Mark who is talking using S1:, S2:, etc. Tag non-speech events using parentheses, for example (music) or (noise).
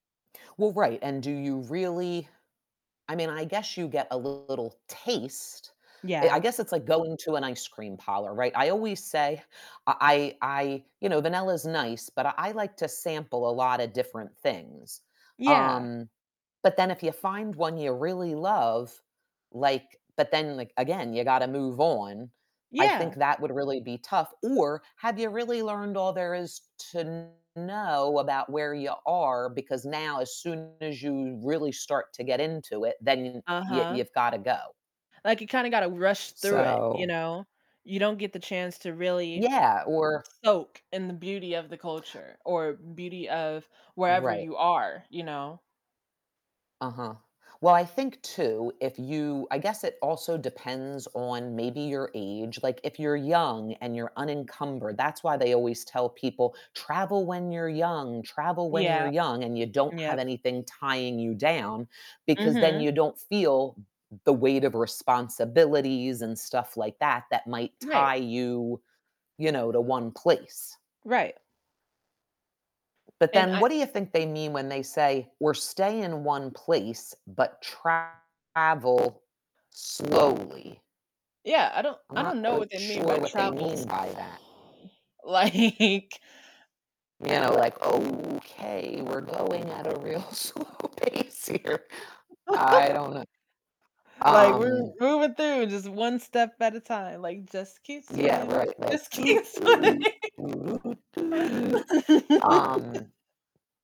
S1: Well, right. And do you really I mean, I guess you get a little taste, eh, I
S2: Yeah.
S1: guess it's like going to an ice cream parlor, right? I always say I I I you know, vanilla is nice, but I I like to sample a lotta different things,
S2: Yeah.
S1: um, but then, if you find one you really love, like but then, like, again, you gotta move on, I think
S2: Yeah!
S1: that would really be tough. Or have you really learned all there is to know about where you are? Because now, as soon as you really start to get into it, then y
S2: Uh-huh.
S1: you've gotta go.
S2: Like, you kinda gotta rush through it, you
S1: So
S2: know? You don't get the chance to really
S1: Yeah, or
S2: soak in the beauty of the
S1: (inhales)
S2: culture or beauty of wherever
S1: Right.
S2: you are, you know?
S1: Uh-huh. Well, I think too, if you I guess it also depends on, maybe, your age. Like, if you're young and you're unencumbered, that's why they always tell people, "Travel when you're young, travel when you're
S2: Yeah.
S1: young," and you don't have
S2: Yep.
S1: anything tying you down because then
S2: Mhm.
S1: you don't feel m m the weight of responsibilities and stuff like that, that might
S2: Right.
S1: tie you, you know, to 1 place.
S2: Right.
S1: But
S2: And
S1: then
S2: I
S1: what do you think they mean when they say, "We're staying 1 place, but travel slowly?"
S2: Yeah, I don't
S1: I'm
S2: I
S1: not
S2: don't know what
S1: quite
S2: they mean
S1: sure
S2: by
S1: what they
S2: "travel"
S1: mean by that.
S2: (unintelligible) like
S1: You know,
S2: M
S1: like, "Okay. We're going at a real slow pace here." I don't
S2: (laughs)
S1: know.
S2: Like, "We're
S1: Um
S2: moving through just one step at a time." Like, "Just keep
S1: Yeah.
S2: swimming.
S1: Right. Like,.
S2: Just keep
S1: (humming)
S2: swimming." (laughs)
S1: Um